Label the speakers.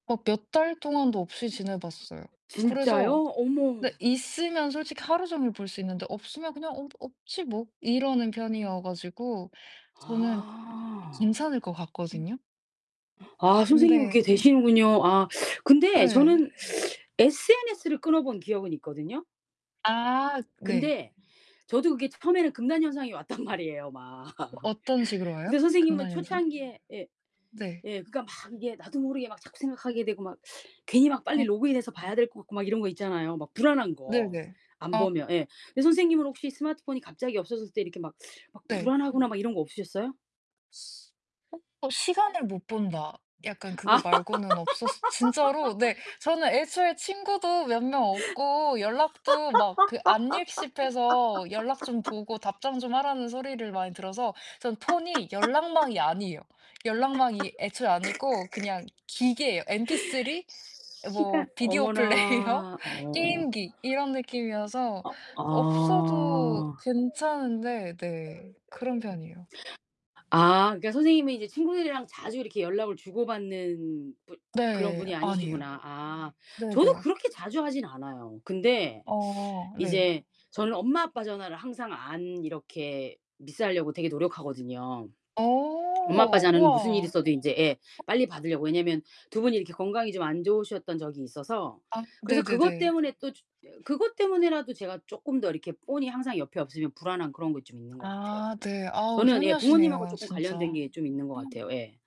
Speaker 1: 어 몇 달 동안도 없이
Speaker 2: 어우.
Speaker 1: 지내봤어요.
Speaker 2: 진짜요?
Speaker 1: 그래서
Speaker 2: 어머.
Speaker 1: 네 있으면 솔직히 하루 종일 볼 수 있는데 없으면 그냥 "어 없지 뭐." 이러는 편이어 가지고 저는
Speaker 2: 아.
Speaker 1: 괜찮을 것 같거든요.
Speaker 2: [unintelligible] 아 선생님은 그게
Speaker 1: 근데
Speaker 2: 되시는군요. 아 근데
Speaker 1: 예.
Speaker 2: 저는 SNS를 끊어 본 기억은 있거든요.
Speaker 1: 아 네.
Speaker 2: 근데 저도 그게 처음에는 금단 현상이 왔단 말이에요. 막.
Speaker 1: 어떤 식으로 와요
Speaker 2: 근데 선생님은
Speaker 1: 금단현상?
Speaker 2: 초창기에 예.
Speaker 1: 네.
Speaker 2: 예 그러니까 막 이게 나도 모르게 막 자꾸 생각하게 되고 막 괜히 막 빨리
Speaker 1: 아
Speaker 2: 로그인해서
Speaker 1: 어.
Speaker 2: 봐야 될 것 같고 막 이런 거 있잖아요 막 불안한 거
Speaker 1: 네네.
Speaker 2: 안
Speaker 1: 아.
Speaker 2: 보면. 예. 근데 선생님은 혹시 스마트폰이 갑자기 없어졌을 때 이렇게 막, 막
Speaker 1: 네.
Speaker 2: 불안하거나 막 이런 거 없으셨어요?
Speaker 1: 어 어. '시간을 못 본다.' 약간 그거 말고는 없었어 진짜로 네 저는 애초에 친구도 몇 명 없고 연락도 막 그 안읽씹 해서 연락 좀 보고 답장 좀 하라는 소리를 많이 들어서 전 폰이 연락망이 아니에요. 연락망이 애초에 아니고 그냥 기계예요. MP3 뭐
Speaker 2: 시간.
Speaker 1: 비디오 플레이어,
Speaker 2: 어머나. 어.
Speaker 1: 게임기 이런 느낌이어서
Speaker 2: 어
Speaker 1: 없어도
Speaker 2: 아.
Speaker 1: 괜찮은데 네. 그런 편이에요.
Speaker 2: 아 그러니까 선생님은 이제 친구들이랑 자주 이렇게 연락을 주고받는 분 그런
Speaker 1: 네.
Speaker 2: 분이
Speaker 1: 아니에요.
Speaker 2: 아니시구나. 아
Speaker 1: 네네.
Speaker 2: 저도 그렇게 자주 하진 않아요. 근데
Speaker 1: 어 네.
Speaker 2: 이제 저는 엄마 아빠 전화를 항상 안 이렇게 미스하려고 되게 노력하거든요. 엄마 아빠
Speaker 1: 어.
Speaker 2: 전화는 무슨 일이
Speaker 1: 우와.
Speaker 2: 있어도 인제 예
Speaker 1: 어.
Speaker 2: 빨리 받으려고. 왜냐면 두 분이 이렇게 건강이 좀 안 좋으셨던 적이 있어서.
Speaker 1: 아
Speaker 2: 그래서 그것
Speaker 1: 네네네.
Speaker 2: 때문에 또 주 예 그것 때문에라도 제가 쪼끔 더 이렇게 폰이 항상 옆에 없으면 불안한 그런 거 좀 있는 거 같아요.
Speaker 1: 아 네. 아우
Speaker 2: 저는 예 부모님하고
Speaker 1: 효녀시네요
Speaker 2: 쪼끔 관련된
Speaker 1: 진짜.
Speaker 2: 게 좀 있는 것 같아요. 예.